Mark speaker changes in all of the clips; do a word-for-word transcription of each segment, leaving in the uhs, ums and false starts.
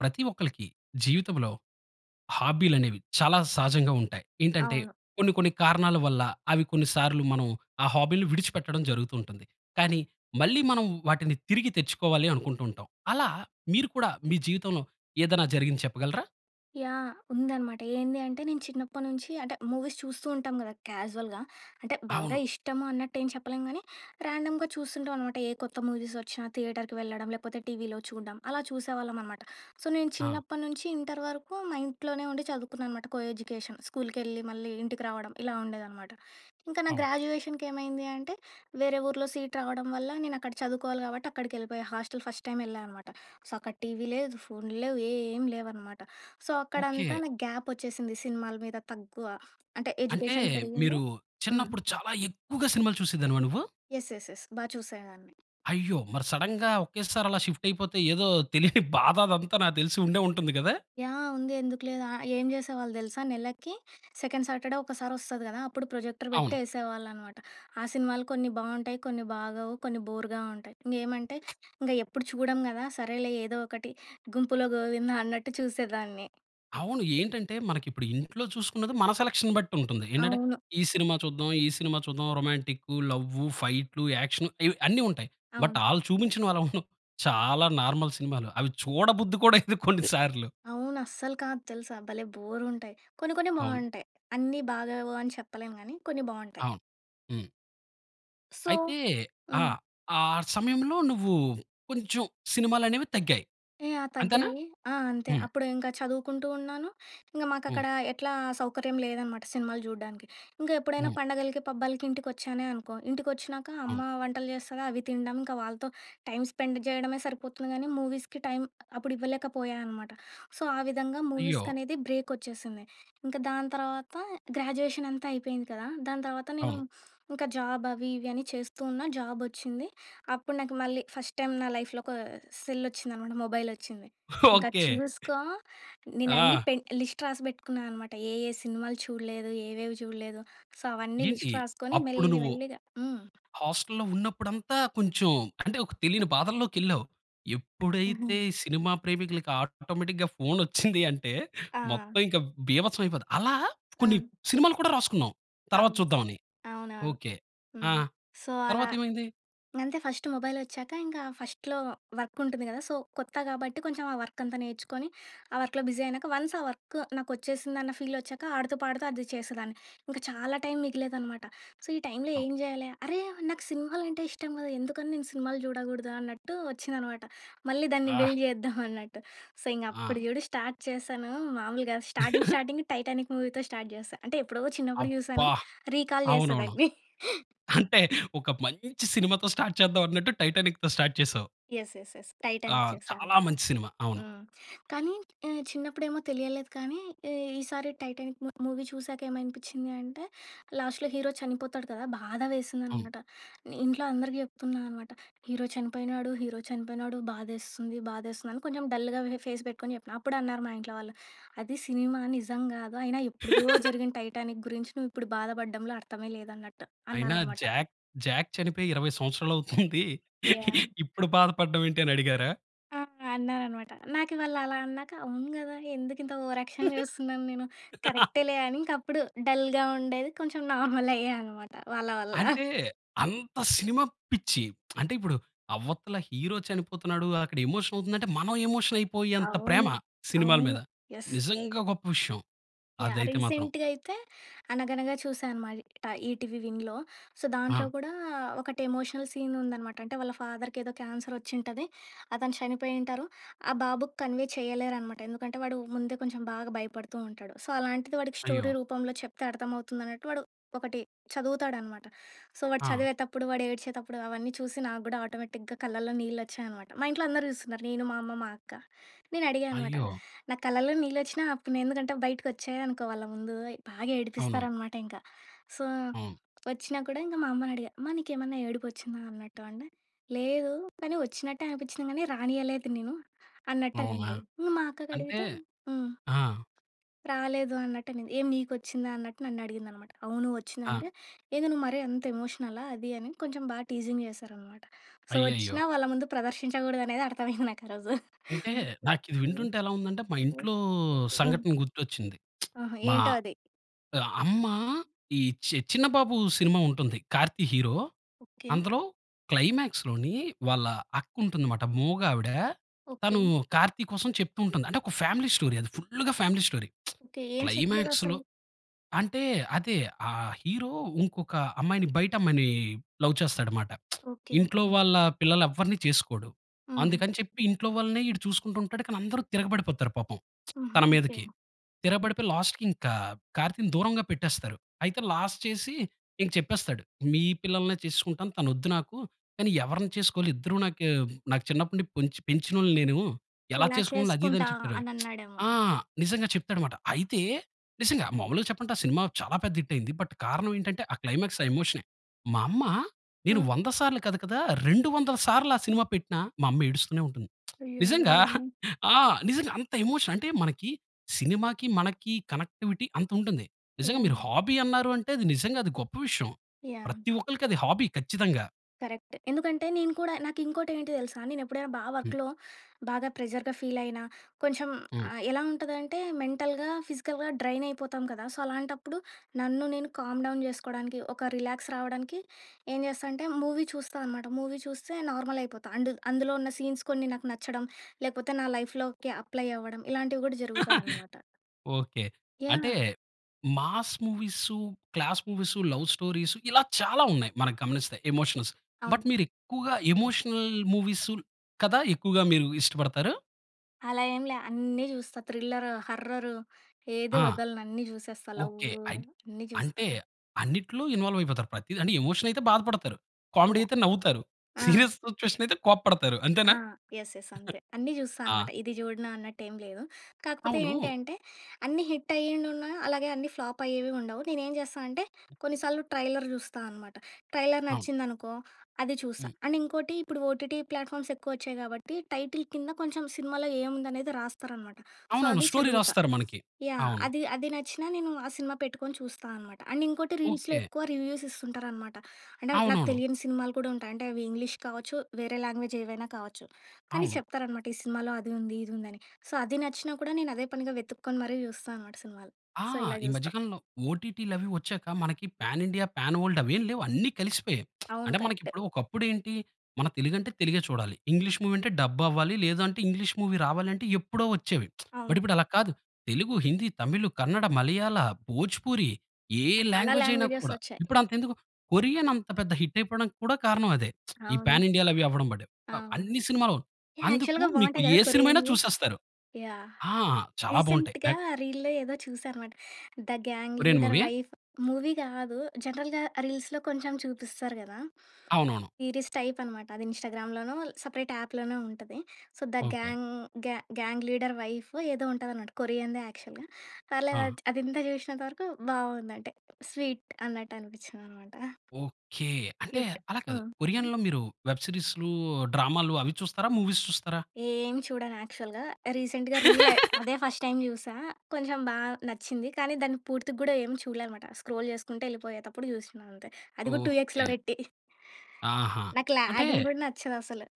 Speaker 1: ప్రతి ఒక్కళ్ళకి జీవితంలో హాబీలనేవి చాలా సహజంగా ఉంటాయి. ఏంటంటే,
Speaker 2: అవును.
Speaker 1: కొన్ని కొన్ని కారణాల వల్ల అవి కొన్ని సార్లు మనం ఆ హాబీ‌లని విడిచిపెట్టడం జరుగుతూ ఉంటుంది. కానీ, మళ్ళీ మనం వాటిని తిరిగి తెచ్చుకోవాలి అనుకుంటూంటాం. అలా మీరు కూడా మీ జీవితంలో ఏదైనా జరిగింది చెప్పగలరా?
Speaker 2: యాహ్! ఉందనమాట. ఏంది అంటే నేను చిన్నప్పటి నుంచి అంటే మూవీస్ చూస్తూ ఉంటాం కదా! క్యాజువల్‌గా. అంటే బాగా
Speaker 1: అవును.
Speaker 2: ఇష్టము అన్నట్టు ఏం చెప్పలేం కానీ, ర్యాండమ్‌గా చూస్తుంటాం అనమాట. ఏ కొత్త మూవీస్ ఒచ్చినా థియేటర్‌కి వెళ్ళడం. లేకపోతే టీవీలో చూడడం. అలా చూసేవాళ్ళం అనమాట. సో నేను
Speaker 1: ఆ!
Speaker 2: చిన్నప్పటి నుంచి ఇంటర్ వరకు మా ఇంట్లోనే ఉండి చదువుకున్నాను అనమాట. కోఎడ్యుకేషన్ స్కూల్‌కేళ్ళి, మళ్ళీ ఇంటికి రావడం ఇలా ఉండేదన్నమాట. ఇంకా నా
Speaker 1: అవును.
Speaker 2: గ్రాడ్యుయేషన్‌‌‌కేమైంది అంటే వేరే ఊరులో సీట్ రావడం వల్ల నేను అక్కడ చదువుకోవాలి కాబట్టి, అక్కడికి వెళ్ళిపోయ. హాస్టల్ ఫస్ట్ టైమ్ వెళ్ళా అనమాట. సో అక్కడ టీవీ లేదు ఫోన్లు లేవు ఏం లేవన్నమాట. సో అక్కడంతా
Speaker 1: ఓకే.
Speaker 2: నాకు గ్యాప్ వచ్చేసింది సినిమాల మీద తక్కువ. అంటే
Speaker 1: అంటే
Speaker 2: ఎడ్యుకేషన్ పెరిగింది
Speaker 1: మీరు
Speaker 2: హ్మ్.
Speaker 1: చిన్నప్పుడు చాలా ఎక్కువగా సినిమాలు చూసేదానివా నువ్వు?
Speaker 2: యెస్! యెస్! యెస్! బా చూసేదాన్ని.
Speaker 1: అయ్యో! మరి సడెన్‌గా ఒకేసారి అలా షిఫ్ట్ అయిపోతే ఏదో తెలియని బాధ అదంతా నాతెలిసి ఉండే ఉంటుంది గదా!
Speaker 2: యాహ్! ఉంది ఎందుకు లేదు ఆహ్, ఏం చేసేవాళ్ళు తెలుసా? నెలకి సెకండ్ సాటర్‌డే ఒకసారి వస్తది కదా! అప్పుడు ప్రొజెక్టర్ పెట్టి
Speaker 1: అవును.
Speaker 2: ఎసేవాళ్ళునమాట. ఆ సినిమాలు కొన్ని బావుంటాయి. కొన్ని బాగోవు. కొన్ని బోర్‌గా ఉంటాయి. ఇంగేమంటే ఇంగా ఎప్పుడు చూడం గదా! సరేలే ఏదో ఒకటి గుంపులో గోవిందా అన్నట్టు చూసేదాన్ని.
Speaker 1: అవును. ఏంటంటే మనకిప్పుడు ఇంట్లో చూసుకున్నది మన సెలక్షన్ బట్టి ఉంటుంది. ఏంటంటే
Speaker 2: అవును.
Speaker 1: ఈ సినిమా చూద్దాం? ఈ సినిమా చూద్దాం? రొమాంటిక్కు, లవ్వు, ఫైట్‌లు, యాక్షను ఇవి అన్ని ఉంటాయి. బట్
Speaker 2: అవును.
Speaker 1: ఆల్ చూపించినోళ్ళం‌లో చాలా నార్మల్ సినిమాలు. అవి చూడబుద్ధి కూడేయదు కొన్ని సార్లు.
Speaker 2: అవును. అస్సలు కాదు తెలుసా. భలే బోరుంటాయి. కొన్ని కొన్ని
Speaker 1: అవును.
Speaker 2: బావుంటాయి. అన్నీ బాలేవు అని చెప్పలేం గానీ కొన్ని బావుంటాయి.
Speaker 1: అవును. హ్మ్.
Speaker 2: సో
Speaker 1: అయితే ఆ!
Speaker 2: హ్మ్.
Speaker 1: ఆ సమయంలో నువ్వు కొంచెం సినిమాలనేవి తగ్గాయి
Speaker 2: యాహ్!
Speaker 1: అంతేనా?
Speaker 2: తగ్గాయి. ఆ! అంతే.
Speaker 1: హ్మ్.
Speaker 2: అప్పుడు ఇంకా చదువుకుంటూ ఉన్నాను. ఇంకా
Speaker 1: హ్మ్.
Speaker 2: మాకక్కడ ఎట్లా సౌకర్యం లేదనమాట సినిమాలు జూడానికి. ఇంకా ఎప్పుడైనా
Speaker 1: హ్మ్.
Speaker 2: పండగలకి, పబ్బాలకి ఇంటికోచ్చానే అనుకో, ఇంటికోచ్చినాక అమ్మ
Speaker 1: అవును.
Speaker 2: వంటలు చేస్తది, అవి తినడం. ఇంకా వాళ్ళతో టైమ్ స్పెండ్ చేయడమే సరిపోతుంది కానీ, మూవీస్‌కి టైం అప్పుడు ఇవ్వలేకపోయాను అనమాట. సో ఆ విధంగా
Speaker 1: అయ్యో!
Speaker 2: మూవీస్‌కి అనేది బ్రేక్ ఒచ్చేసింది. ఇంకా దాని తర్వాత గ్రాడ్యుయేషన్ అంతా అయిపోయింది కదా! దాని తర్వాత నేను,
Speaker 1: అవును.
Speaker 2: ఇంకా జాబ్ అవి ఇవి అని చేస్తూ ఉన్నా. జాబ్ వచ్చింది. అప్పుడు నాకు మళ్ళీ ఫస్ట్ టైమ్ నా లైఫ్‌లో ఒక సెల్ వచ్చిందనమాట, మొబైల్ వచ్చింది. ఇంకా
Speaker 1: ఓకే.
Speaker 2: చూసుకో నేను అన్నీ
Speaker 1: ఆ!
Speaker 2: పెన్ లిస్ట్ రాసి బెట్టుకున్నా అనమాట. ఏ, ఏ సినిమాలు చూడలేదు? ఏవేవి చూడలేదు? సో అవన్నీ
Speaker 1: ఏంటి
Speaker 2: లిస్ట్ రాసుకొని
Speaker 1: అప్పుడు
Speaker 2: మెల్లి
Speaker 1: నువ్వు
Speaker 2: మెల్లిగా హ్మ్.
Speaker 1: హాస్టల్‌లో ఉన్నప్పుడంతా కొంచెం అంటే ఒక తెలియని బాధల్లోకేళ్ళావు.
Speaker 2: హుహు.
Speaker 1: ఎప్పుడైతే ఈ సినిమా ప్రేమికులకి ఆటోమేటిక్‌గా ఫోన్ ఒచ్చింది అంటే,
Speaker 2: ఆ!
Speaker 1: మొత్తం ఇంకా బీభత్సం అయిపోతది. అలా కొన్ని
Speaker 2: ఆ!
Speaker 1: సినిమాలు కూడా రాసుకున్నావు. తర్వాత
Speaker 2: అవును.
Speaker 1: చూద్దాం అని.
Speaker 2: అవునవును.
Speaker 1: ఓకే. ఆ!
Speaker 2: హ్మ్. సో అలా.
Speaker 1: తర్వాతేమైంది?
Speaker 2: ఇంగంతే ఫస్ట్ మొబైల్ ఒచ్చాక, ఇంకా ఫస్ట్‌లో వర్క్ ఉంటుంది గదా! సో కొత్త కాబట్టి కొంచెం ఆ వర్క్ అంతా నేర్చుకొని, ఆ వర్క్‌లో బిజీ అయినాక, వన్స్ ఆ వర్క్ నాకు వచ్చేసిందన్న ఫీల్ వచ్చాక, ఆడుతూ పాడుతూ అది చేసేదాన్ని. ఇంకా చాలా టైం మిగిలేదనమాట. సో ఈ టైంలో
Speaker 1: ఆ!
Speaker 2: ఏం జేయాలా? అరే! నాకు సినిమాలంటే ఇష్టం గదా! ఎందుకని నేను సినిమాలు చూడకూడదా? అన్నట్టు వచ్చిందనమాట. మళ్ళీ దాన్ని
Speaker 1: ఆ!
Speaker 2: బిల్డ్ జేద్దాం అన్నట్టు. సో ఇంగ
Speaker 1: ఆ!
Speaker 2: అప్పుడు చూడు స్టార్ట్ చేశాను, మామూలుగా స్టార్టింగ్ స్టార్టింగ్ టైటానిక్ మూవీతో స్టార్ట్ చేశా. అంటే ఎప్పుడో చిన్నప్పుడు జుసాను.
Speaker 1: అబ్బా!
Speaker 2: రీకాల్ చేశా
Speaker 1: అవునవును.
Speaker 2: దాన్ని.
Speaker 1: అంటే ఒక మంచి సినిమా‌తో స్టార్ట్ చేద్దాం అన్నట్టు, టైటానిక్‌తో స్టార్ట్ చేసావు?
Speaker 2: యెస్! యెస్! యెస్!
Speaker 1: ఆ!
Speaker 2: టైటానిక్
Speaker 1: చాలా
Speaker 2: చూశానంటా.
Speaker 1: మంచి సినిమా. అవును.
Speaker 2: హ్మ్. కానీ, ఆహ్, చిన్నప్పుడే ఏమో తెలియలేదు కానీ, ఈ ఈసారి టైటానిక్ మూ మూవీ చూసాక ఏమనిపించింది అంటే, లాస్ట్‌లో హీరో చనిపోతాడు కదా! బాధ వేసింది
Speaker 1: అవును.
Speaker 2: అన్నమాట. ఇంట్లో అందరికి జేప్తున్నా అన్నమాట "హీరో చనిపోయినాడు, హీరో చనిపోయినాడు, బాధేస్తుంది, బాధేస్తుంది" అని కొంచెం డల్‌గా ఇవే ఫేస్ పెట్టుకొని చెప్పినా. అప్పుడే అన్నారు మా ఇంట్లో వాళ్ళు అది సినిమా. నిజం గాదు. అయినా ఎప్పుడిదో జరిగిన టైటానిక్ గురించి నువ్వు ఇప్పుడు బాధపడడంలో అర్థమే లేదు అన్నట్టు
Speaker 1: అయినా
Speaker 2: అన్నారన్నమాట.
Speaker 1: జాక్, జాక్ చనిపోయి ఇరవై సంవత్సరాలు అవుతుంది.
Speaker 2: యాహ్!
Speaker 1: ఇప్పుడు బాధపడమేంటి అని అడిగారా?
Speaker 2: ఆహ్, అన్నారనమాట. నాకు వాళ్ళు అలా అన్నాక అవును గదా. ఎందుకు ఇంత ఓవర్ యాక్షన్ జేస్తున్నాను నేను. కరెక్టే‌లే అని ఇంక అప్పుడు డల్‌గా ఉండేది, కొంచెం నార్మల్ అయ్యాఅన్నమాట వాళ్ళ వల్ల.
Speaker 1: అంటే అంత సినిమా పిచ్చి. అంటే ఇప్పుడు అవతల హీరో చనిపోతున్నాడు, అక్కడ ఎమోషన్ అవుతుందంటే. మనం ఎమోషన్ అయిపోయేంత ప్రేమ
Speaker 2: అవును.
Speaker 1: సినిమాల
Speaker 2: అవును.
Speaker 1: మీద.
Speaker 2: యెస్!
Speaker 1: నిజంగా గొప్ప విషయం.
Speaker 2: యాహ్!
Speaker 1: అదైతే మాత్రం.
Speaker 2: రీసెంట్‌గా అయితే, 'అనగనగా' చూశాననమాట ఈటీవీ విన్‌లో. సో, దాంట్లో
Speaker 1: ఆ!
Speaker 2: కూడా ఒకటి ఎమోషనల్ సీన్ ఉందనమాట. అంటే వాళ్ళ ఫాదర్‌‌ కేదో 'క్యాన్సర్' ఒచ్చి ఉంటది. అతను చనిపోయింటారు. ఆ! బాబుకి కన్వే చేయలేరనమాట. ఎందుకంటే వాడు ముందే కొంచెం బాగా భయపడుతూ ఉంటాడు. సో, అలాంటిది వాడికి
Speaker 1: అయ్యో!
Speaker 2: స్టోరీ రూపంలో చెప్తే అర్థమవుతుందన్నట్టు. వాడు ఒకటి చదువుతాడనమాట. సో, వాడు
Speaker 1: ఆ!
Speaker 2: చదివేతప్పుడు, వాడు ఏడ్చేతప్పుడు అవన్నీ చూసి నాకు కూడా ఆటోమేటిక్‌గా కళ్ళల్లో నీళ్లొచ్చాయి అనమాట. మా ఇంట్లో అందరూ జూస్తున్నారు. నేను, మా అమ్మ, మా అక్క. నేను అడిగా అనమాట
Speaker 1: అయ్యో!
Speaker 2: నా కళ్ళలో నీళ్లొచ్చినా ఆపుకున్నా. ఎందుకంటే బయటకి వచ్చాయనుకో వాళ్ళ ముందు. బాగా
Speaker 1: అవునవును.
Speaker 2: ఏడిపిస్తారనమాట ఇంకా. సో,
Speaker 1: అవును.
Speaker 2: ఒచ్చినా కూడా ఇంక మా అమ్మని అడిగా, అమ్మ నీకేమన్నా ఏడుపు ఒచ్చిందా అన్నట్టు అంటే. లేదు కానీ ఒచ్చినట్టే అనిపించింది. కానీ, రానీయలేదు నేను
Speaker 1: అవునా?
Speaker 2: అన్నట్ట‌నింది. ఇంక మా అక్కకి
Speaker 1: అంటే
Speaker 2: అడిగితే. హ్మ్.
Speaker 1: ఆ!
Speaker 2: రాలేదు అన్నట్ట‌నింది. ఏం ‌నికొచ్చిందా అన్నట్టు నన్ను అడిగిందన్నమాట. అవును ఒచ్చింది
Speaker 1: ఆ!
Speaker 2: అంటే. ఏందో నువ్వు మరి అంత ఎమోషనలా అది అని కొంచెం బాగా టీజింగ్ జేస్తారన్నమట. సో,
Speaker 1: అయ్యయ్యో!
Speaker 2: ఒచ్చినా వాళ్ళ ముందు ప్రదర్శించకూడదు అనేది అర్దమయింది నాకరోజు.
Speaker 1: అంటే, నాకు ఇది వింటుంటే ఎలా ఉందంటే మా ఇంట్లో
Speaker 2: ఆ!
Speaker 1: సంఘటన గుర్తొచ్చింది.
Speaker 2: ఆహా!
Speaker 1: మా
Speaker 2: ఏంటో అది.
Speaker 1: ఆహ్, అమ్మ ఈ చి చిన్నబాబు సినిమా ఉంటుంది. కార్తీ హీరో.
Speaker 2: ఓకే.
Speaker 1: అందులో క్లైమాక్స్‌లోని వాళ్ళ అక్కుంటుందిమాట. మూగా‌విడ. తను
Speaker 2: ఓకే.
Speaker 1: కార్తీ కోసం చెప్తూ ఉంటుంది. అంటే ఒక ఫ్యామిలీ స్టోరీ అది ఫుల్లుగా ఫ్యామిలీ స్టోరీ
Speaker 2: ఓకే. ఏం
Speaker 1: క్లైమాక్స్‌లో
Speaker 2: చెప్తా‌దసలు?
Speaker 1: అంటే అదే ఆహ్, హీరో ఇంకొక అమ్మాయిని బయట అమ్మాయిని లవ్ చేస్తాడుమాట.
Speaker 2: ఓకే.
Speaker 1: ఇంట్లో వాళ్ళ పిల్లలేవరిని చేసుకోడు.
Speaker 2: హుహు.
Speaker 1: అందుకని చెప్పి ఇంట్లో వాళ్ళనే ఈడు చూసుకుంటూంటాడు. కానీ అందరూ తిరగబడిపోతారు పాపం
Speaker 2: హుహు.
Speaker 1: తన
Speaker 2: ఓకే.
Speaker 1: మీదకి. తిరగబడిపోయి లాస్ట్‌కి ఇంకా కార్తీని దూరంగా పెట్టేస్తారు. అయితే లాస్ట్ చేసి ఇంక చెప్పేస్తాడు. మీ పిల్లల్నే చేసుకుంటాను. తనోద్దు నాకు. కానీ ఎవరిని చేసుకోవాలి ఇద్దరు నాకు నాకు చిన్నప్పటి నుంచి పొంచి పెంచినోల్ని నేను. ఎలా
Speaker 2: ఇలా
Speaker 1: చేసుకోవాలి అది ఇది
Speaker 2: చేసుకుంటా
Speaker 1: అని చెప్పాడు.
Speaker 2: అని అనన్నాడేమో.
Speaker 1: ఆ! నిజంగా చెప్తాడుమాట. అయితే నిజంగా మామూలుగా చెప్పంటే ఆ! సినిమా చాలా పెద్ద హిటయింది. బట్ కారణం ఏంటంటే ఆ! క్లైమాక్స్ ఆ ఎమోషనే మా అమ్మ నేను
Speaker 2: హ్మ్.
Speaker 1: వంద సార్లు కాదు కదా రెండు వందల సార్లు ఆ సినిమా పెట్టిన మా అమ్మ ఏడుస్తూనే ఉంటుంది.
Speaker 2: అయ్యయ్యో!
Speaker 1: నిజంగా
Speaker 2: హ్మ్.
Speaker 1: ఆ! నిజంగా అంత ఎమోషన్ అంటే మనకి సినిమాకి మనకి కనెక్టివిటీ అంతుంటుంది. నిజంగా మీరు
Speaker 2: యహ్!
Speaker 1: హాబీ అన్నారు అంటే నిజంగా అది గొప్ప విషయం.
Speaker 2: యాహ్!
Speaker 1: ప్రతి ఒక్కల్కి అది హాబీ ఖచ్చితంగా.
Speaker 2: కరెక్ట్. ఎందుకంటే, నేను కూడా నాకింకోటి ఏంటి తెలుసా? నేను ఎప్పుడైనా బా
Speaker 1: హ్మ్.
Speaker 2: వర్క్‌లో బాగా ప్రెషర్‌గా ఫీల్ అయినా, కొంచెం
Speaker 1: హ్మ్.
Speaker 2: ఆహ్, ఎలా ఉంటదంటే, మెంటల్‌గా, ఫిజికల్‌గా డ్రైన్ అయిపోతాం కదా! సో, అలాంటప్పుడు నన్ను నేను కామ్‌డౌన్ జెసుకోవడానికి, ఒక రిలాక్స్ రావడానికి, ఏం జెస్తా అంటే, మూవీ చూస్తా అనమాట. మూవీ చూస్తే నార్మల్ అయిపోతా. అండ్ అందులో ఉన్న సీన్స్ కొన్ని నాకు నచ్చడం. లేపోతే నా లైఫ్‌లోకి అప్లై అవ్వడం. ఇలాంటివి కూడా జరుగుతాయి అనమాట.
Speaker 1: ఓకే. అంటే
Speaker 2: yeah!
Speaker 1: Mass movies, class movies, love stories ఇలా చాలా ఉన్నాయి మనకి గమనిస్తే ఎమోషనల్స్.
Speaker 2: అవును.
Speaker 1: బట్ మీరు ఎక్కువగా
Speaker 2: [unintelligible]
Speaker 1: ఎమోషనల్ మూవీస్ కదా! ఎక్కువగా మీరు ఇష్టపడతారు?
Speaker 2: అలా ఏంలె. అన్నీ జూస్తా. థ్రిల్లరు, హార్రరు, ఏది
Speaker 1: ఆ!
Speaker 2: వదలను అన్ని జూసేస్తా.
Speaker 1: ఓకే.
Speaker 2: లవ్వు.
Speaker 1: అయిత్
Speaker 2: అన్నీ జూస్తా.
Speaker 1: అంటే అన్నిట్లో ఇన్వాల్వ్ అయిపోతారు. ప్రతిది అంటే ఎమోషన్ అయితే బాధపడతారు, కామెడీ
Speaker 2: యాహ్!
Speaker 1: అయితే నవ్వుతారు, సీరియస్
Speaker 2: ఆ!
Speaker 1: సిట్యుయేషన్ అయితే కోపడతారు
Speaker 2: ఆ!
Speaker 1: అంతేనా?
Speaker 2: యెస్. యెస్. అంతే. అన్నీ జూస్తా
Speaker 1: ఆ!
Speaker 2: అనమాట. ఇది జూడను అన్నట్టు ఏంలేదు. కాకపోతే ఏంటి
Speaker 1: అవును.
Speaker 2: అంటే, అన్నీ హిట్ అయ్యిండుంన, అలాగే అన్ని ఫ్లాప్ అయ్యేవి ఉండవు. నేనేం జెస్తా అంటే కొన్ని సార్లు ట్రైలర్ చూస్తా అనమాట. ట్రైలర్
Speaker 1: అవును.
Speaker 2: నచ్చిందనుకో అది చూస్తా.
Speaker 1: హ్మ్.
Speaker 2: అండ్ ఇంకోటి ఇప్పుడు ఓటీటీ ప్లాట్ఫామ్స్ ఎక్కువొచ్చాయి గాబట్టి టైటిల్ కింద కొంచెం సినిమాలో ఏముందనేది రాస్తారనమాట. సో,
Speaker 1: అవునవును.
Speaker 2: అది
Speaker 1: స్టోరీ
Speaker 2: చదువుతా.
Speaker 1: రాస్తారు మనకి.
Speaker 2: యాహ్!
Speaker 1: అవును.
Speaker 2: అది అది నచ్చినా నేను ఆ సినిమా పెట్టుకొని చూస్తా అనమాట. అండ్ ఇంకోటి రీల్స్‌లో
Speaker 1: ఓకే.
Speaker 2: ఎక్కువ రివ్యూస్ ఇస్తుంటారనమాట. అంటే అవి నాకు
Speaker 1: అవునవును.
Speaker 2: తెలియని సినిమాలు కూడా ఉంటాయి. అంటే అవి ఇంగ్లీష్ కావచ్చు, వేరే లాంగ్వేజ్ ఏవైనా కావచ్చు. కానీ
Speaker 1: అవును.
Speaker 2: చెప్తారనమాట, ఈ సినిమాలో అది ఉంది, ఇది ఉంది అని. సో, అది నచ్చినా కూడా నేను అదే పనిగా వెతుక్కొని మరి జూస్తా అనమాట సినిమాలు.
Speaker 1: ఆ!
Speaker 2: సో, ఇలా
Speaker 1: ఈ మధ్య
Speaker 2: చూస్తా.
Speaker 1: కాలంలో ఓటీటీ‌లవి ఒచ్చాక మనకి పాన్ ఇండియా, పాన్ వరల్డ్ అవేంలేవు అన్ని కలిసిపోయాయి.
Speaker 2: అవును.
Speaker 1: అంటే
Speaker 2: కరెక్ట్.
Speaker 1: మనకిప్పుడు ఒకప్పుడు ఏంటి, మన తెలుగు అంటే తెలుగే చూడాలి. ఇంగ్లీష్ మూవీ అంటే, డబ్ అవ్వాలి లేదంటే ఇంగ్లీష్ మూవీ రావాలంటే, ఎప్పుడో ఒచ్చేవి. బట్
Speaker 2: అవును.
Speaker 1: ఇప్పుడు అలా కాదు. తెలుగు, హిందీ, తమిళ్, కన్నడ, మలయాళ, భోజుపూరి ఏ
Speaker 2: చాలా
Speaker 1: లాంగ్వేజ్ అయినా
Speaker 2: లాంగ్వేజె‌స్
Speaker 1: కూడా.
Speaker 2: ఒచ్చాయి.
Speaker 1: ఇప్పుడు అంత ఎందుకు, కొరియన్ అంత పెద్ద హిట్ అయిపోవడానికి కూడా కారణం అదే. ఈ
Speaker 2: అవును.
Speaker 1: ప్యాన్ ఇండియాలవి అవ్వడం బట్టే. ఆహ్,
Speaker 2: అవును.
Speaker 1: అన్ని సినిమాలు
Speaker 2: యాహ్!
Speaker 1: అందుకు
Speaker 2: యాక్చువల్‌గా
Speaker 1: మీకు
Speaker 2: బాగుంటాయి గదా!
Speaker 1: ఏ సినిమయినా
Speaker 2: కొరియన్‌వి.
Speaker 1: చూసేస్తారు.
Speaker 2: యాహ్!
Speaker 1: ఆ! చాలా బాగుంటాయి.
Speaker 2: రీసెంట్‌గా
Speaker 1: నాక్
Speaker 2: రీల్‌లో ఏదో చూసానన్నమాట. 'The gang
Speaker 1: Korean
Speaker 2: leader
Speaker 1: movie ఆ?
Speaker 2: వైఫ్' మూవీ గాదు. జనరల్‌గా రీల్స్‌లో కొంచెం చూపిస్తారు గదా!
Speaker 1: అవునవును.
Speaker 2: సీరీస్ టైప్ అనమాట. అది ఇన్‌స్టాగ్రామ్‌లోనో, సెపరేట్ యాప్‌లోనో ఉంటది. So, 'the
Speaker 1: okay.
Speaker 2: Gang gang leader wife' ఏదో ఉంటది అన్నమాట. కొరియన్‌దే యాక్చువల్‌గా. పర్లేదు
Speaker 1: ఆ!
Speaker 2: అది అది ఇంతా చూసినంత వరకు బాగుందంటే స్వీట్. అన్నట్టు అనిపించిందనమాట.
Speaker 1: ఓకే. అంటే
Speaker 2: క్యూట్.
Speaker 1: అలా
Speaker 2: ఆ!
Speaker 1: కాదు.
Speaker 2: హ్మ్.
Speaker 1: కొరియన్‌లో మీరు వెబ్ సీరీసులు, డ్రామాలు అవి చూస్తారా? మూవీస్ చూస్తారా?
Speaker 2: ఏం చూడను యాక్చువల్‌గా. రీసెంట్‌గా రీలె. అదే ఫస్ట్ టైమ్ జూసా. కొంచెం బా నచ్చింది. కానీ దాన్ని పూర్తిగూడా ఏం చూడలే అన్నమాట. స్క్రోల్ చేసుకుంట ఎళ్ళిపోయేతప్పుడు జుసినా అంతే. అది కూడా టూ ఎక్స్‌లో
Speaker 1: ఓకే.
Speaker 2: పెట్టి.
Speaker 1: ఆహా!
Speaker 2: నాకు
Speaker 1: అంటే
Speaker 2: ల్యాగింగ్ గూడా నచ్చదుసలు.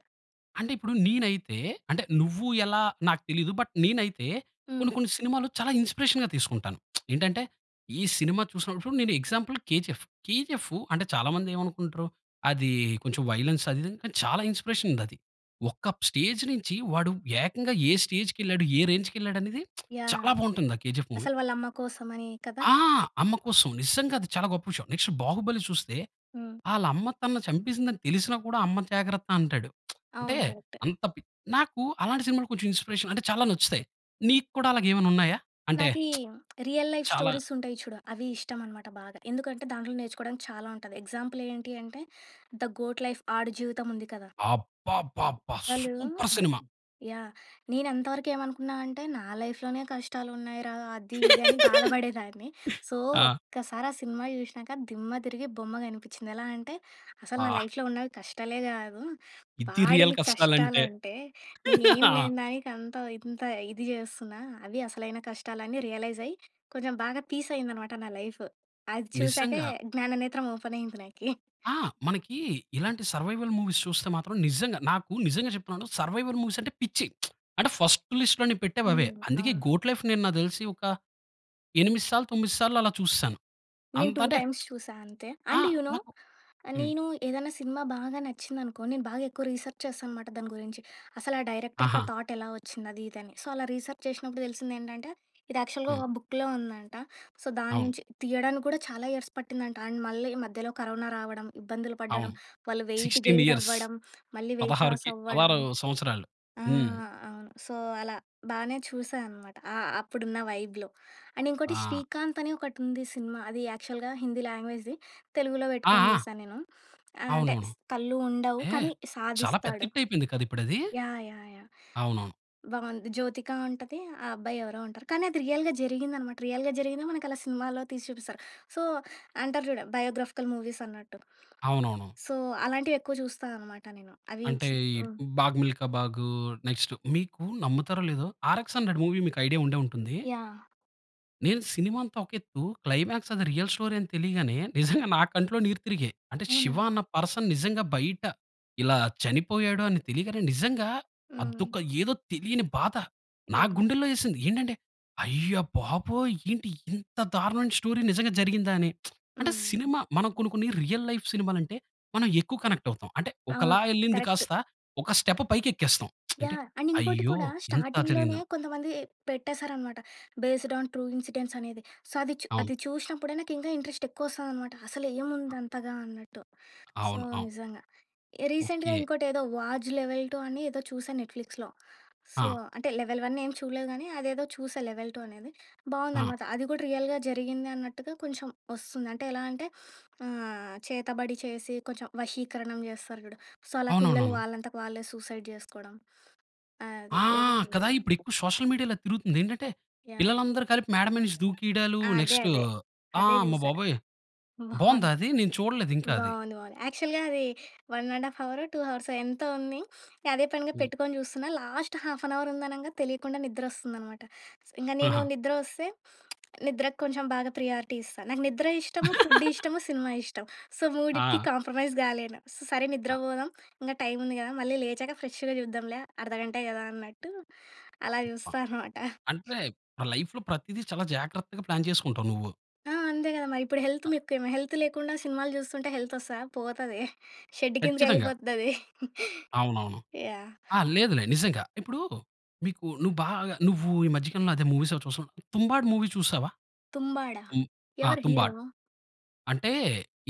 Speaker 1: అంటే ఇప్పుడు నేనైతే, అంటే నువ్వు ఎలా నాకు తెలీదు. బట్ నేనైతే
Speaker 2: హ్మ్.
Speaker 1: కొన్ని కొన్ని సినిమాలు చాలా ఇన్‌స్పిరేషన్ తీసుకుంటాను. ఏంటంటే ఈ సినిమా చూసినప్పుడు నేను ఎగ్జాంపుల్ 'కేజీఎఫ్. కేజీఎఫ్' అంటే చాలా మంది ఏమనుకుంటరు, అది కొంచెం వైలెన్స్ అది ఇది. కాని చాలా ఇన్‌స్పిరేషన్ ఉంది అది. ఒక స్టేజ్ నుంచి వాడు ఏకంగా ఏ స్టేజ్‌కెళ్ళాడు? ఏ రేంజ్‌కెళ్ళాడనేది
Speaker 2: యాహ్!
Speaker 1: చాలా బాగుంటుంది ఆ 'కేజీఎఫ్' మూవీ.
Speaker 2: అసలు వాలమ్మ కోసం అని కదా!
Speaker 1: ఆ! అమ్మ కోసం. నిజంగా అది చాలా గొప్ప విషయం. నెక్స్ట్ బాహుబలి చూస్తే,
Speaker 2: హ్మ్.
Speaker 1: వాళ్ళ అమ్మ తనని చంపేసిందని తెలిసినా కూడా అమ్మ జాగ్రత్త అంటాడు. అంటే,
Speaker 2: అవును. కరెక్టే.
Speaker 1: అంత పి నాకు అలాంటి సినిమాలు కొంచెం ఇన్‌స్పిరేషన్ అంటే చాలా నచ్చుతాయి. నీకుడా అలాగేమైనా ఉన్నాయా? అంటే
Speaker 2: నాకీ రియల్ లైఫ్
Speaker 1: చాలా
Speaker 2: స్టోరీస్ ఉంటాయి చూడు, అవి ఇష్టం అన్నమాట బాగా. ఎందుకంటే, దాంట్లో నేర్చుకోవడానికి చాలా ఉంటది. ఎగ్జాంపుల్ ఏంటి అంటే 'ధ గోట్ లైఫ్' ఆ‌డు జీవితం ఉంది కదా!
Speaker 1: అబ్బబ్బబ్బా!
Speaker 2: వాళ్ళు
Speaker 1: సూపర్ సినిమా.
Speaker 2: యాహ్! నేను అంతవరకు ఏమనుకున్నానంటే, నా లైఫ్‌లోనె కష్టాలు ఉన్నాయిరా, అది ఇది అని బాధబడేదాన్ని. సో,
Speaker 1: ఆ!
Speaker 2: ఒక్కసారి ఆ సినిమా చూశినాక దిమ్మ తిరిగి బొమ్మ కనిపించింది. ఎలా అంటే, అసలు నా
Speaker 1: అబ్బా!
Speaker 2: లైఫ్‌లో ఉన్నవి కష్టాలే గాదు.
Speaker 1: ఇది రియల్
Speaker 2: వాడివి
Speaker 1: కష్టాలంటే.
Speaker 2: కష్టాలంటే. నేనేం
Speaker 1: ఆ!
Speaker 2: లేని దానికి అంత ఇంత ఇది జెస్తున్నా. అవి అసలైన కష్టాలు అని రియలైజ్ అయ్యి, కొంచెం బాగా పీస్ అయిందనమాట నా లైఫ్. అది చూసాకే,
Speaker 1: నిజంగా.
Speaker 2: జ్ఞాననేత్రం ఓపెన్ అయ్యింది నాకీ.
Speaker 1: ఆ! మనకి ఇలాంటి సర్వైవల్ మూవీస్ చూస్తే మాత్రం నిజంగా నాకు నిజంగా చెప్తున్నాను సర్వైవల్ మూవీస్ అంటే పిచ్చి. అంటే ఫస్ట్ లిస్ట్‌లో నేపెట్టేవవే.
Speaker 2: హ్మ్.
Speaker 1: అందుకే
Speaker 2: అవును.
Speaker 1: 'గోట్ లైఫ్' నేను నాకు తెలిసి ఒక ఎనిమిది సార్లు, తొమ్మిది సార్లు అలా చూసేశాను.
Speaker 2: నేను
Speaker 1: అంత
Speaker 2: టూ
Speaker 1: అంటే
Speaker 2: టైమ్స్ చూసా అంతే.
Speaker 1: ఆ!
Speaker 2: And you know!
Speaker 1: నాకు హ్మ్.
Speaker 2: నేను ఏదైనా సినిమా బాగా నచ్చిందనుకో, నేను బాగా ఎక్కువ రీసెర్చ్ చేస్తా అనమాట దాని గురించి. అసలు ఆ డైరెక్టర్‌కీ ఆ
Speaker 1: ఆహా!
Speaker 2: థాట్ ఎలా ఒచ్చింది అది ఇది అని. సో, అలా రీసెర్చ్ చేసినప్పుడు తెలిసిందెంటంటే, ఇది యాక్చువల్‌గా
Speaker 1: హ్మ్.
Speaker 2: ఒక బుక్‌లో ఉందంట. సో,
Speaker 1: అవును.
Speaker 2: దాన్నుంచి తీయడానికి కూడా చాలా ఇయర్స్ పట్టిందంట. అండ్ మళ్ళీ మధ్యలో కరోనా రావడం, ఇబ్బందులు
Speaker 1: అవును.
Speaker 2: పడ్డడం, వాళ్ళు వెయిట్
Speaker 1: సిక్స్టీన్
Speaker 2: గెయిన్
Speaker 1: ఇయర్స్.
Speaker 2: అవ్వడం, మళ్ళీ వెయిట్
Speaker 1: పదహారు
Speaker 2: లాస్
Speaker 1: కె
Speaker 2: అవ్వడం.
Speaker 1: పదహారు సంవత్సరాలు.
Speaker 2: ఆ!
Speaker 1: హ్మ్.
Speaker 2: అవును. సో, అలా బానే చూసా అన్నమాట. అ అప్పుడున్న వైబ్‌లో. అండ్ ఇంకోటి
Speaker 1: ఆ!
Speaker 2: 'శ్రీకాంత్' అని ఒకటి ఉంది సినిమా అది యాక్చువల్‌గా హిందీ లాంగ్వేజ్‌ది, తెలుగుల
Speaker 1: ఆ!
Speaker 2: వెట్టుకొని
Speaker 1: ఆ!
Speaker 2: జుసా నేను. ఆహ్, అంటే
Speaker 1: అవునవును.
Speaker 2: స్ కళ్ళు ఉండవు,
Speaker 1: హే!
Speaker 2: కానీ
Speaker 1: చాలా పెద్ద
Speaker 2: సాధిస్తాడు.
Speaker 1: హిట్ అయిపోయింది కదా! ఇప్పుడది?
Speaker 2: యాహ్! యాహ్! యాహ్!
Speaker 1: అవునవును.
Speaker 2: బావుంది. జ్యోతిక ఉంటది. ఆ అబ్బాయి ఎవరో ఉంటరు. కానీ అది రియల్‌గా జరిగిందన్నమాట. రియల్‌గా జరిగిందో మనకలా సినిమాలో తీసి జూపిస్తారు. సో, అంటారు జూడు, బయోగ్రాఫికల్ మూవీస్ అన్నట్టు.
Speaker 1: అవునవును.
Speaker 2: సో, అలాంటివి ఎక్కువ జూస్తానన్నమాట నేను. అవి
Speaker 1: అంటే
Speaker 2: చి
Speaker 1: ఈ
Speaker 2: హ్మ్.
Speaker 1: 'బాగ్ మిల్కా బాగ్,' నెక్స్ట్ మీకు నమ్ముతారో లేదో 'ఆర్ ఎక్స్ హండ్రెడ్ మూవీ' మీకు ఐడియా ఉండే ఉంటుంది.
Speaker 2: యాహ్!
Speaker 1: నేను సినిమా అంతా ఒక ఎత్తు క్లైమాక్స్ అది రియల్ స్టోరీ అని తెలియగానే, నిజంగా నా కంట్లో నీరు తిరిగాయి. అంటే
Speaker 2: అవునా?
Speaker 1: శివ అన్న పర్సన్ నిజంగా బయట ఇలా చనిపోయాడు అని తెలియగానే, నిజంగా
Speaker 2: హ్మ్.
Speaker 1: అదొక ఏదో తెలియని బాధ. నా
Speaker 2: ఏముంది?
Speaker 1: గుండెల్లో యేసింది. ఏంటంటే అయ్య బాబోయ్! ఏంటి ఇంత దారుణమైన స్టోరీ నిజంగా జరిగిందా అని. అంటే
Speaker 2: హ్మ్.
Speaker 1: సినిమా మనం కొన్ని, కొన్ని రియల్ లైఫ్ సినిమాలంటే మనం ఎక్కువ కనెక్టవుతాం. అంటే
Speaker 2: అవును.
Speaker 1: ఒకలా యెళ్ళింది
Speaker 2: కరెక్ట్.
Speaker 1: కాస్త ఒక స్టెప్పు పైకెక్కేస్తాం అంటే
Speaker 2: యాహ్! అండ్ ఇంకోటి
Speaker 1: అయ్యో!
Speaker 2: కూడా
Speaker 1: ఇంత
Speaker 2: స్టార్టింగ్‌లోనే
Speaker 1: జరిగిందా?
Speaker 2: కొంతమంది పెట్టేశారనమాట. బేస్డ్ ఆన్ ట్రూ ఇన్సిడెంట్స్ అనేది. సో, అది చు
Speaker 1: అవును.
Speaker 2: అది చూషినప్పుడే నాకు ఇంకా ఇంట్రెస్ట్ ఎక్కువ ఒస్తాదనమాట. అసలు
Speaker 1: ఆ!
Speaker 2: ఏముంది అంతగా అన్నట్టు. సో,
Speaker 1: అవును, అవును.
Speaker 2: నిజంగా. రీసెంట్‌గా
Speaker 1: ఓకే.
Speaker 2: ఇంకోటేదో 'వాజ్ లెవెల్ టూ' అని ఏదో చూసా నెట్‌ఫ్లిక్స్‌లో సో,
Speaker 1: ఆ!
Speaker 2: అంటే లెవెల్ వన్ ఏం చూడలేదు గానీ, అదేదో చూసా లెవెల్ టూ అనేది
Speaker 1: ఆ!
Speaker 2: బావుందనమాట. అది కూడా రియల్‌గా జరిగింది అన్నట్టుగా కొంచెం ఒస్తుంది. అంటే ఎలా అంటే ఆహ్, చేతబడి చేసి కొంచెం వశీకరణం జేస్తారు చూడు. సో, అలా పిల్లలు
Speaker 1: అవునవునవును.
Speaker 2: వాళ్ళంతట వాళ్ళే సూసైడ్ జేసుకోవడం అది
Speaker 1: ఆ!
Speaker 2: ఏదో వుంది.
Speaker 1: కదా! ఇప్పుడు ఎక్కువ సోషల్ మీడియాలో అది తిరుగుతుంది. ఏంటంటే
Speaker 2: యాహ్!
Speaker 1: పిల్లలందరూ కలిపి మేడ మీద నుంచి దూకీడాలు
Speaker 2: అదే,
Speaker 1: నెక్స్ట్
Speaker 2: అదే.
Speaker 1: ఆ!
Speaker 2: అదే
Speaker 1: అమ్మ
Speaker 2: జూసా.
Speaker 1: బాబోయ్! బావుందా
Speaker 2: బావుంది.
Speaker 1: అది? నేను చూడలేదు ఇంకా అది.
Speaker 2: బావుంది, బావుంది. యాక్చువల్‌గా అది వన్ అండ్ హాఫ్ హవురో టూ హవర్సో ఎంతో ఉంది అదే పనిగా
Speaker 1: హ్మ్.
Speaker 2: పెట్టుకొని జూస్తున్నా, లాస్ట్ హాఫ్ యాన్ అవర్ ఉందనంగా తెలియకుండా నిద్ర వద్రొస్తుందన్నమాట. ఇంగ నేను
Speaker 1: ఆహా!
Speaker 2: నిద్రొస్తే నిద్రకు కొంచెం బాగా ప్రియారిటీ ఇస్తా. నాకు నిద్ర ఇష్టము. ఫుడ్డు ఇష్టము, సినిమా ఇష్టం. సో, మూడిటికి
Speaker 1: ఆ!
Speaker 2: కాంప్రమైజ్ గాలేను. స సరే నిద్ర
Speaker 1: ఆ!
Speaker 2: బోదాం ఇంకా టైం ఉంది గదా! మళ్ళీ లేచాక ఫ్రెష్‌గా చూద్దాంలే అర్ధగంటే కదా అన్నట్టు అలా చూస్తా
Speaker 1: [unintelligible]
Speaker 2: అనమాట.
Speaker 1: అంటే లైఫ్‌లో ప్రతిది చాలా జాగ్రత్తగా ప్లాన్ చేసుకుంటావు నువ్వు.
Speaker 2: ఆ! అంతే కదా! మరి ఇప్పుడు హెల్త్
Speaker 1: ఆహ్
Speaker 2: ముఖ్యం. హెల్త్ లేకుండా సినిమాలు చూస్తుంటే హెల్త్ వస్తదా? పోతది. షెడ్
Speaker 1: ఖచ్చితంగా.
Speaker 2: కిందకెళ్ళిపోతది.
Speaker 1: అవునవును.
Speaker 2: యాహ్!
Speaker 1: ఆ! లేదులే నిజంగా. ఇప్పుడు మీకు నువ్వు బాగా నువ్వు ఈ మధ్య కాలంలో మూవీస్‌ అవి చూశావా 'తుంబాడ్' మూవీ చూశావా?
Speaker 2: 'తుంబాడ?'
Speaker 1: హ్మ్. ఆహ్
Speaker 2: ఎవరు
Speaker 1: 'తుంబాడ్.'
Speaker 2: హీరో?
Speaker 1: అంటే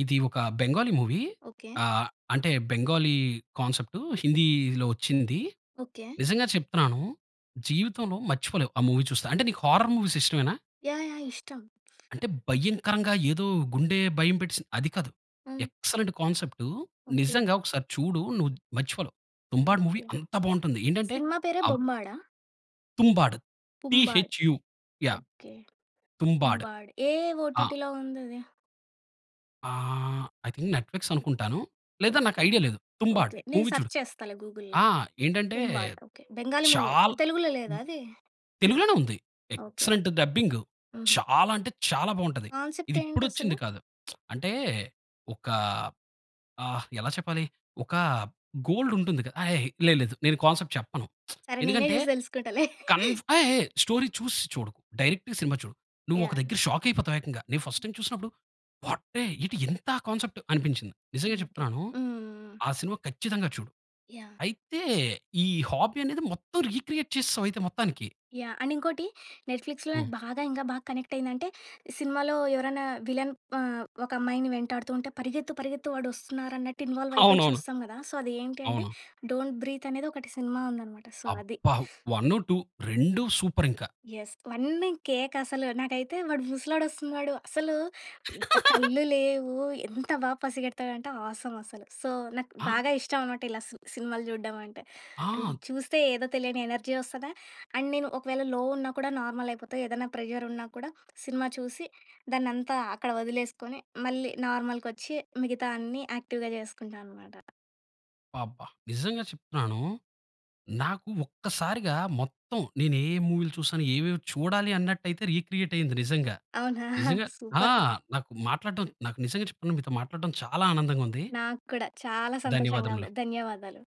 Speaker 1: ఇది ఒక బెంగాలీ మూవీ
Speaker 2: ఓకే.
Speaker 1: ఆహ్, అంటే బెంగాలీ కాన్సెప్టు హిందీలో వచ్చింది.
Speaker 2: ఓకే.
Speaker 1: నిజంగా చెప్తున్నాను, జీవితంలో మర్చిపోలేవు ఆ మూవీ చూస్తే. అంటే నీకు హారర్ మూవీస్ ఇష్టమేనా?
Speaker 2: యాహ్! యాహ్! ఇష్టం
Speaker 1: అంటే భయంకరంగా ఏదో గుండె భయం పెట్టేసింది అది కాదు.
Speaker 2: హ్మ్.
Speaker 1: Excellent concept.
Speaker 2: ఓకే.
Speaker 1: నిజంగా ఒకసారి చూడు. నువ్వు మర్చిపోలేవు. 'Tumbbad' movie
Speaker 2: okay.
Speaker 1: అంత బావుంటుంది. ఏంటంటే,
Speaker 2: సినిమా పేరే
Speaker 1: అబ్
Speaker 2: బొమ్మాడ?
Speaker 1: 'తుంబాడ్' టి
Speaker 2: పుంబాడ్.
Speaker 1: హెచ్ యూ యాహ్!
Speaker 2: ఓకే.
Speaker 1: 'తుంబాడ్'
Speaker 2: పుంబాడ్ ఏ ఏ
Speaker 1: ఆ!
Speaker 2: ఓటిటిలో ఉందది?
Speaker 1: ఆహ్, ఐ థింక్ నెట్‌ఫ్లిక్స్ అనుకుంటాను. లేదా నాకు
Speaker 2: ఓకే.
Speaker 1: ఐడియా లేదు. 'తుంబాడ్,
Speaker 2: ఓకే. నేను
Speaker 1: మూవీ చూడు.
Speaker 2: సర్చ్ చేస్తాలే గూగుల్‌లో.
Speaker 1: ఆ! ఏంటంటే,
Speaker 2: పుంబాడ్ ఓకే. బెంగాలీ మూవీ
Speaker 1: చాలా
Speaker 2: తెలుగులో లేదాది?
Speaker 1: తెలుగులోనే ఉంది.
Speaker 2: ఓకే. ఓకే.
Speaker 1: ఎక్సెలెంట్ డబ్బింగ్
Speaker 2: హుహు.
Speaker 1: చాలా అంటే, చాలా బావుంటది.
Speaker 2: కాన్సెప్ట్
Speaker 1: ఇది
Speaker 2: ఏంటసల?
Speaker 1: ఇప్పుడొచ్చింది కాదు. అంటే, ఒకా, ఆహ్, ఎలా చెప్పాలి, ఒకా గోల్డ్ ఉంటుంది క ఏయ్! లేదు లేదు నేను కాన్సెప్ట్ చెప్పను.
Speaker 2: సరే. నేనే
Speaker 1: ఎందుకంటే,
Speaker 2: చూసి తెలుసుకుంటాలే.
Speaker 1: కన్ ఏయ్! ఏయ్! స్టోరీ చూసి చూడకు. డైరెక్ట్‌గా సినిమా చూడు. నువ్వు ఒక
Speaker 2: యాహ్!
Speaker 1: దగ్గర షాక్ అయిపోతావు ఏకంగా. నేను ఫస్ట్ టైమ్ చూసినప్పుడు వాటే ఎటి ఎంత కాన్సెప్ట్ అనిపించింది. నిజంగా
Speaker 2: ఓకే.
Speaker 1: చెప్తున్నాను.
Speaker 2: హ్మ్. హ్మ్. హ్మ్.
Speaker 1: ఆ సినిమా ఖచ్చితంగా చూడు.
Speaker 2: యాహ్!
Speaker 1: అయితే ఈ హాబీ అనేది మొత్తం రీక్రియేట్ చేసేసావు అయితే మొత్తానికి.
Speaker 2: యాహ్! అండ్ ఇంకోటి, ‌నెట్‌ఫ్లిక్స్‌లో
Speaker 1: హ్మ్.
Speaker 2: నాకు బాగా ఇంక బాగా కనెక్ట్ అయిందంటే, సినిమాలో ఎవరైనా విలన్ ఆహ్, ఒక అమ్మాయిని వెంటాడుతూంటే పరిగెత్తు పరిగెత్తు వాడొస్తున్నారన్నట్టు ఇన్‌వాల్వ్ అయిపోయి
Speaker 1: అవునవును.
Speaker 2: చూస్తాం కదా! సో, అది ఏంటి అంటే
Speaker 1: అవును.
Speaker 2: 'డోంట్ బ్రీత్' అనేది ఒకటి సినిమా ఉందన్నమాట. సో, అది.
Speaker 1: అబ్బా! వన్ను, టూ రెండు సూపర్ ఇంకా!
Speaker 2: యెస్. అవన్నీ కేక అసలు. నాకైతే వాడు ముసలోడొస్తున్నాడు. అసలు కళ్ళు లేవు. ఎంత బా పసిగెడతాడంటే ఆసమ్ అసలు. సో, నాకు
Speaker 1: ఆ!
Speaker 2: బాగా ఇష్టం అన్నమాట ఇలా సి సినిమాలు చూడడం అంటే. అం
Speaker 1: ఆ!
Speaker 2: చూస్తే ఏదో తెలియని ఎనర్జీ వస్తది అండ్ నేను ఒకవేళ లో ఉన్నా కూడా నార్మల్ అయిపోతా. ఏదైనా ప్రెజర్ ఉన్నా కూడా సినిమా చూసి, దాన్నంతా అక్కడ వదిలేసుకొని, మళ్ళీ నార్మల్‌కొచ్చి మిగతా అన్నీ యాక్టివ్‌గా చేసుకుంటా అన్నమాట.
Speaker 1: అబ్బాబ్బా! నిజంగా చెప్తున్నాను. నాకు ఒక్కసారిగా మొత్తం నేను ఏ మూవీలు చూసాను, ఏవేవి చూడాలి. అన్నట్టయితే రీక్రియేట్ అయింది నిజంగా.
Speaker 2: అవునా?
Speaker 1: నిజంగా ఆ!
Speaker 2: సూపర్.
Speaker 1: నాకు మాట్లాడటం నాకు నిజంగా చెప్తున్నా మీతో మాట్లాడటం చాలా ఆనందంగా ఉంది.
Speaker 2: నాకు కూడా చాలా సంతోషంగా
Speaker 1: ధన్యవాదములు.
Speaker 2: ఉంది. ధన్యవాదాలు.